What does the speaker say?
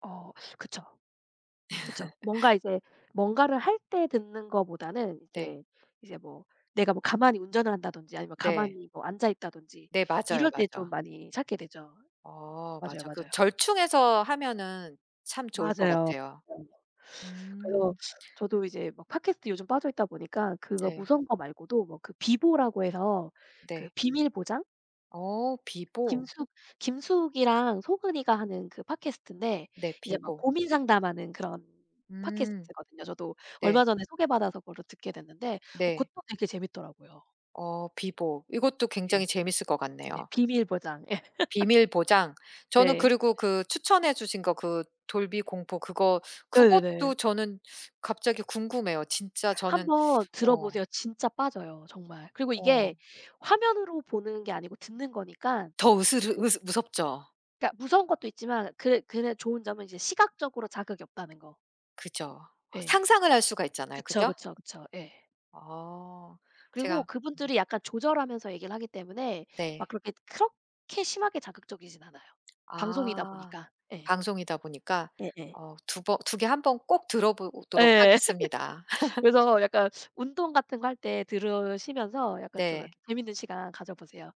어 그쵸. 그쵸. 뭔가 이제 뭔가를 할 때 듣는 것보다는 네. 이제 이제 뭐 내가 뭐 가만히 운전을 한다든지 아니면 네. 가만히 앉아있다든지 네 맞아요, 이럴 때 좀 맞아. 많이 찾게 되죠. 어 맞아요, 맞아. 그 맞아요. 절충해서 하면은 참 좋을 맞아요. 것 맞아요. 같아요. 그래서 음. 저도 이제 뭐 팟캐스트에 요즘 빠져있다 보니까 그거 네. 무서운 거 말고도 뭐 그 비보라고 해서 그 네. 비밀 보장? 어 비보. 김숙 김숙이랑 수근이가 하는 그 팟캐스트인데 네 이제 막 비보. 고민 상담하는 그런 음. 팟캐스트거든요. 저도 네. 얼마 전에 소개받아서 그거를 듣게 됐는데 것도 네. 되게 재밌더라고요. 어 비보. 이것도 예. 굉장히 재밌을 것 네 같네요. 비밀 보장 예. 비밀 보장. 저는 네. 그리고 그 추천해 주신 거 그 돌비 공포 그거. 네네네. 그것도 저는 갑자기 궁금해요. 진짜 1 저는 번 어. 들어보세요. 진짜 빠져요 정말. 그리고 이게 어. 화면으로 보는 게 아니고 듣는 거니까 더 이게 으스르 듣 으스 무섭죠? 그니까 무서운 것도 있지만 그게 그냥 좋은 점은 이제 시각적으로 자극이 없다는 거. 그죠. 예. 상상을 할 수가 있잖아요, 그쵸, 그죠? 그쵸, 그쵸 예. 아 그리고 제가 그분들이 약간 조절하면서 얘기를 하기 때문에 막 네. 그렇게 그렇게 심하게 자극적이진 않아요. 방송이다 아 보니까. 네. 방송이다 보니까. 네네. 어 2 버 2 개 1 번 꼭 들어보도록 예 하겠습니다. 그래서 약간 운동 같은 거 할 때 들으시면서 약간 좀 네. 이렇게 재밌는 시간 가져보세요.